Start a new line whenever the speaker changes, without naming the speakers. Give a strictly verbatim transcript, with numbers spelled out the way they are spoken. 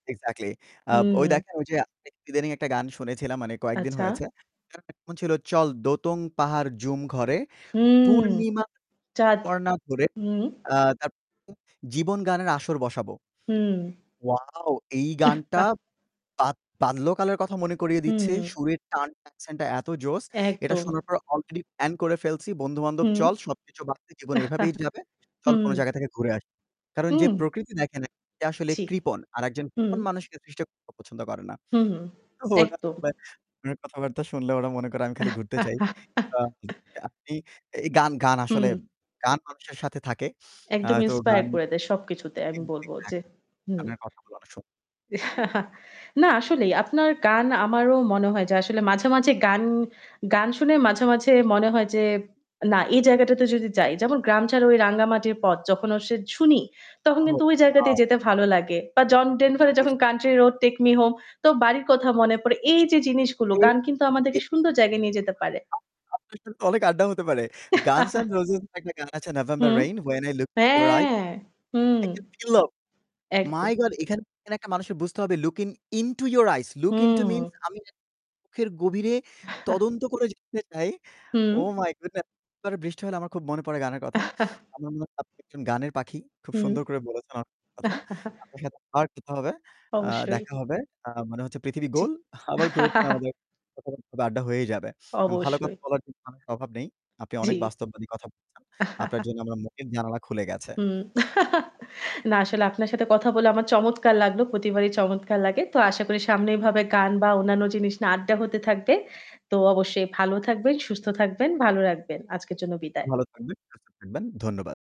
Exactly। আব ওই
উম
দেখেন ঐ যে ইদানীং একটা গান শুনেছিলাম, মানে কয়েকদিন
আচ্ছা।
হয়েছে। গানটা কেমন ছিল? "চল দোতং পাহাড় ঝুম ঘরে,
উম
পূর্ণিমা
চাঁদ।
কর্ণা ধরে,
উম
আ তারপর জীবন গানের আসর বসাবো।"
হুম।
Wow! এই গানটা বাদ বাল্য কালের কথা মনে করিয়ে দিচ্ছে।
হুম।
সুরের টান, accent টা এত জোস। এটা
একদম।
শোনার পর already plan করে ফেলছি, বন্ধু-বান্ধব
হুম।
চল সবকিছু বাদ দিয়ে, জীবন এভাবেই যাবে। চল কোন
হুম।
জায়গা থেকে ঘুরে আসি। কারণ যে
হুম।
প্রকৃতি দেখে নাই, সে আসলে
জি,
কৃপণ। আর একজন
হুম।
কৃপণ মানুষকে সৃষ্টিকর্তাও পছন্দ করেনা।
হুম, হুম।
তো ওনার
একদম।
[unintelligible] ওনার কথাবার্তা শুনলে ওরা মনে করে আমি খালি ঘুরতে চাই। [unintelligible] আপনি এই গান গান আসলে
হুম।
গান মানুষের সাথে থাকে। আ
একদম
তো
inspire
গান
করে দেয় সবকিছুতে আমি বলব
[unintelligible]
যে। হুম।
আপনার কথা বলা অনেক সুন্দর।
না আসলেই আপনার গান আমারও মনে হয় যে আসলে মাঝে, মাঝে গান, গান শুনে মাঝে, মাঝে মনে হয় যে না এই জায়গাটাতে যদি যাই, যেমন 'গ্রাম ছাড়ার ওই রাঙ্গা মাটির পথ' যখন আউসে শুনি, তখন
ও
কিন্তু ওই জায়গাতেই দিয়ে
ওয়াও!
যেতে ভালো লাগে। বা জন ডেনভারের যখন
অবশ্যই।
'country road take me home' তো বাড়ির কথা মনে পড়ে। এই যে জিনিসগুলো
এই
গান কিন্তু আমাদেরকে সুন্দর জায়গায় নিয়ে যেতে পারে।
[unintelligible] আপনার সাথে অনেক আড্ডা হতে পারে। "Guns N' Roses" এর একটা গান আছে November
hmm,
Rain "When I look into your eyes,
হ্যাঁ হুম,
I can feel love" My
একদম।
God! এখানে [unintelligible] একটা মানুষের বুঝতে হবে look into your eyes. Look into means
হুম।
আমি যে চোখের গভীরে তদন্ত করে যেতে চাই।
হুম।
Oh my Goodness! [unintelligible] বৃষ্টি হলে আমার খুব মনে পড়ে গানের কথা। আমার মনে হয় আপনি একজন গানের পাখি। খুব
হুম।
সুন্দর করে বলেছেন, অনেক কথা। আপনার সাথে আবার কথা হবে, আ
অবশ্যই।
দেখা হবে। আ মানে হচ্ছে পৃথিবী
জি।
গোল, আবার ঘুরে ফিরে আমাদের কথাবার্তা, বা আড্ডা হয়েই যাবে। ভালো
অবশ্যই।
কথা বলার জন্য আপনার অভাব নেই। আপনি অনেক
জি।
বাস্তববাদী কথা বলছেন। আপনার জন্য আমার মনের জানালা খুলে গেছে।
হুম। না আসলে আপনার সাথে কথা বলে আমার চমৎকার লাগলো। প্রতিবারই চমৎকার লাগে। তো আশা করি সামনে এভাবে গান বা অন্যান্য জিনিস না আড্ডা হতে থাকবে। তো অবশ্যই ভালো থাকবেন, সুস্থ থাকবেন, ভালো রাখবেন। আজকের জন্য বিদায়।
ভালো থাকবেন, সুস্থ থাকবেন। ধন্যবাদ।